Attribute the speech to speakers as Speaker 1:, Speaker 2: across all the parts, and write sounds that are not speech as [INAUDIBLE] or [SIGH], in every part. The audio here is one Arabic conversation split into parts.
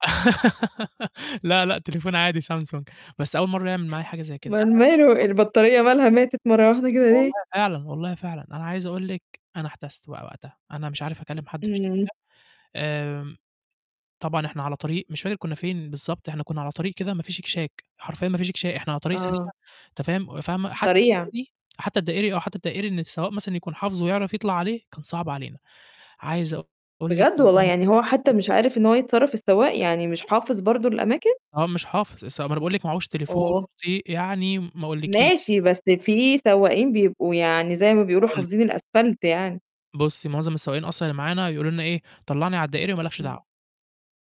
Speaker 1: [GIGGLES] لأ، لأ، تليفون عادي سامسونج، بس أول مرّة يعمل معايا حاجة زي كده. ده
Speaker 2: اومال
Speaker 1: أنا
Speaker 2: ماله،
Speaker 1: [UNINTELLIGIBLE]
Speaker 2: البطارية مالها ماتت مرّة واحدة كده
Speaker 1: والله
Speaker 2: ليه؟
Speaker 1: فعلًا والله فعلًا أنا عايز أقول لِك أنا احتَسْت بقى وقتها، أنا مش عارف أكلّم حد في الشركة
Speaker 2: إمم.
Speaker 1: آمم، طبعًا إحنا على طريق مش فاكر كنّا فين بالضبط إحنا كنّا على طريق كده ما فيش اكشاك حرفيًا ما فيش اكشا إحنا على طريق سريع
Speaker 2: آه.
Speaker 1: أنت فاهم وفاهمة، حتى
Speaker 2: سريع.
Speaker 1: الدائري حتى الدائري آه، حتى الدائري إن السواق مثلًا يكون حافظه ويعرف يطلع عليه كان صعب علينا، عايز أقول لِك
Speaker 2: بجد والله!
Speaker 1: والله
Speaker 2: يعني هو حتى
Speaker 1: [UNINTELLIGIBLE]
Speaker 2: مش عارف إن هو يتصرّف السواق، يعني مش حافظ برضه الأماكن؟
Speaker 1: هو مش حافظ السواق ما أنا باقول لِك ما عهوش تليفون،
Speaker 2: أوه!
Speaker 1: بطئ يعني م ما أقولكيش.
Speaker 2: ماشي بس في سواقين بيبقوا يعني زي ما بيقولوا
Speaker 1: أقول لِك
Speaker 2: حافظين الأسفَلت يعني.
Speaker 1: بُصّي، مُعظم السواقين أصلًا اللي معانا يقولوا لنا إيه، طلّعني على الدائري وما لكش دعوة،
Speaker 2: إمم.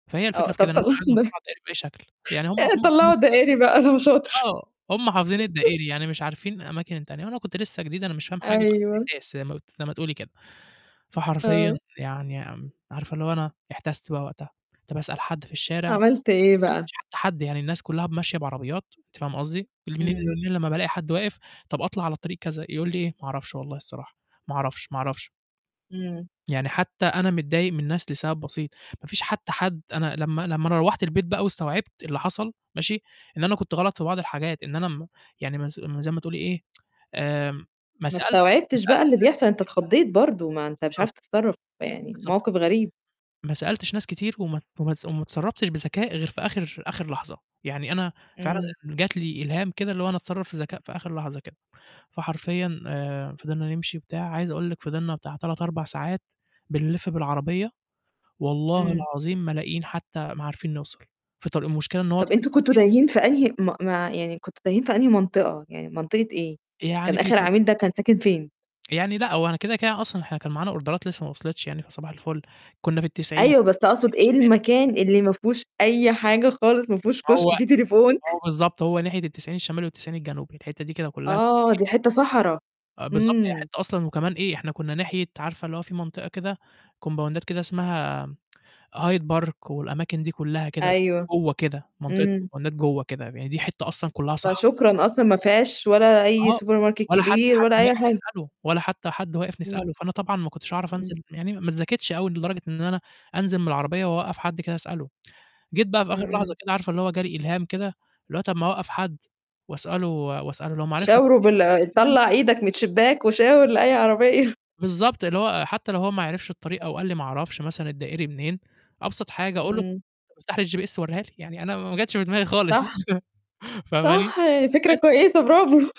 Speaker 1: فهي الفكرة
Speaker 2: آه،
Speaker 1: في
Speaker 2: طَب
Speaker 1: كده إن أنا كنت
Speaker 2: طَلّعُه
Speaker 1: عايز أوصّله
Speaker 2: الد
Speaker 1: على الدائري بأي شكل يعني هم
Speaker 2: يعني
Speaker 1: هم حافظين
Speaker 2: تطلّعه
Speaker 1: الدائري
Speaker 2: الدائري بقى [UNINTELLIGIBLE] لو شاطر.
Speaker 1: آه، هم حافظين
Speaker 2: [LAUGHS]
Speaker 1: الدائري يعني مش عارفين الأماكن التانية وأنا كنت لسه جديد، أنا مش فاهم حاجة بقى
Speaker 2: أيوه.
Speaker 1: ومِحتاس زي ما ت زي ما تقولي كده، فحرفيًا
Speaker 2: آه.
Speaker 1: يعني أم عارفة اللي هو أنا احتَست بقى وقتها، طَب اسأل حد في الشارع؟ ما
Speaker 2: عملت إيه بقى؟
Speaker 1: فيش حد، يعني الناس كلّها ب ماشية بعربيات، أنتِ فاهمة قصدي
Speaker 2: إمم.
Speaker 1: [UNINTELLIGIBLE] لمّا بألاقي حد واقف، طَب أطلع على طريق كذا، يقول لي إيه، "ما أعرفش والله الصراحة ما أعرفش، ما أعرفش."
Speaker 2: إمم.
Speaker 1: يعني حتى أنا متضايق من الناس لسَبب بسيط ما فيش حتى حد أنا لمّا لمّا روّحت البيت بقى واستوعبت اللي حصل ماشي، إن أنا كنت غلط في بعض الحاجات، إن أنا م يعني ما نس م زي ما تقولي إيه، [TSK] آمم ما
Speaker 2: ما
Speaker 1: سألتش ما
Speaker 2: استوعبتش بقى
Speaker 1: سألتش
Speaker 2: اللي
Speaker 1: ناس
Speaker 2: بيحصل، أنت
Speaker 1: كتير.
Speaker 2: اتخضّيت برضه، ما أنت مش
Speaker 1: بالضبط.
Speaker 2: عارف تتصرّف، يعني
Speaker 1: بالضبط.
Speaker 2: موقِف غريب.
Speaker 1: ما سألتش ناس كتير وما ت وما تص وما اتصرّفتش بذكاء غير في آخِر آخِر لحظة، يعني أنا فعلًا
Speaker 2: إمم.
Speaker 1: جات لي إلهام كده اللي هو أنا أتصرّف في ذكاء في آخِر لحظة كده، فحرفيًا آآ، فضلنا نمشي وبتاع عايز أقول لِك فضلنا بتاع 3 4 ساعات بنلِف بالعربية، والله
Speaker 2: إمم.
Speaker 1: العظيم ما لاقيين حتى ما عارفين نوصل في طريق. المشكلة إن هو
Speaker 2: طَب
Speaker 1: طريق
Speaker 2: أنتم كنتوا
Speaker 1: سريع.
Speaker 2: تايهين في أنهي ما ما ع يعني كنتوا تايهين في أنهي منطقة، يعني منطقة إيه،
Speaker 1: أ يعني
Speaker 2: كان
Speaker 1: في
Speaker 2: آخِر عميل
Speaker 1: [UNINTELLIGIBLE]
Speaker 2: ده كان ساكن فين؟
Speaker 1: يعني لأ، هو أنا كده، كده أصلًا إحنا كان معانا أوردرات لسه ما وصلِتش يعني فصباح الفُل، كنّا في ال90،
Speaker 2: أيوه، بس أقصد
Speaker 1: ال90
Speaker 2: إيه
Speaker 1: الشمالي.
Speaker 2: المكان اللي ما فيهوش أي حاجة خالص، ما فيهوش كُشك
Speaker 1: هو
Speaker 2: فيه تليفون؟
Speaker 1: هو بالضبط هو ناحية ال90 الشمالي وال90 الجنوبي الحتّة دي كده كلّها كانت
Speaker 2: آه،
Speaker 1: فإيه
Speaker 2: دي حتّة صحراه.
Speaker 1: آه، بالضبط هي
Speaker 2: إمم.
Speaker 1: حتّة أصلًا وكمان إيه إحنا كنّا ناحية عارفة اللي هو في منطقة كده كومباوندات كده اسمها م Hide park والأماكن دي كلّها كده
Speaker 2: أيوه.
Speaker 1: جوّا كده منطقة
Speaker 2: إمم.
Speaker 1: الكمبوندات جوّه كده ب يعني دي حتّة أصلًا كلّها صحرا، ما
Speaker 2: فشكرًا
Speaker 1: فيش
Speaker 2: أصلًا، ما فيهاش ولا أي
Speaker 1: آه
Speaker 2: سوبر ماركت
Speaker 1: ولا حتى
Speaker 2: كبير
Speaker 1: حد
Speaker 2: ولا أي
Speaker 1: ماشي
Speaker 2: حاجة.
Speaker 1: تسأله ولا حتى حد واقف
Speaker 2: إمم.
Speaker 1: نسأله، فأنا طبعًا ما كنتش أعرف أنزل
Speaker 2: إمم.
Speaker 1: م يعني ما اتذاكتش أوي لدرجة إن أنا أنزل من العربية وأوقّف حد كده أسأله، جيت بقى في
Speaker 2: إمم،
Speaker 1: آخِر لحظة
Speaker 2: إمم.
Speaker 1: كده عارفة اللي هو جاري إلهام كده اللي هو طَب ما أوقّف حد وأسأله و وأسأله لو ما عرفش
Speaker 2: شاوروا بال آآ،
Speaker 1: [UNINTELLIGIBLE]
Speaker 2: طلّع إيدك من الشباك وشاور لأي عربية.
Speaker 1: بالضبط، اللي هو حتى لو هو ما يعرفش الطريقة أو قال لي ما أعرفش مثلًا الدائري منين، أبسط حاجة أقول له طَب
Speaker 2: إمم.
Speaker 1: افتح لي الGPS وريها لي يعني أنا م ما جاتش في دماغي خالص
Speaker 2: صح.
Speaker 1: [CHUCKLES]
Speaker 2: صح،
Speaker 1: فاهماني
Speaker 2: فكرة
Speaker 1: [UNINTELLIGIBLE]
Speaker 2: كويسة برافو.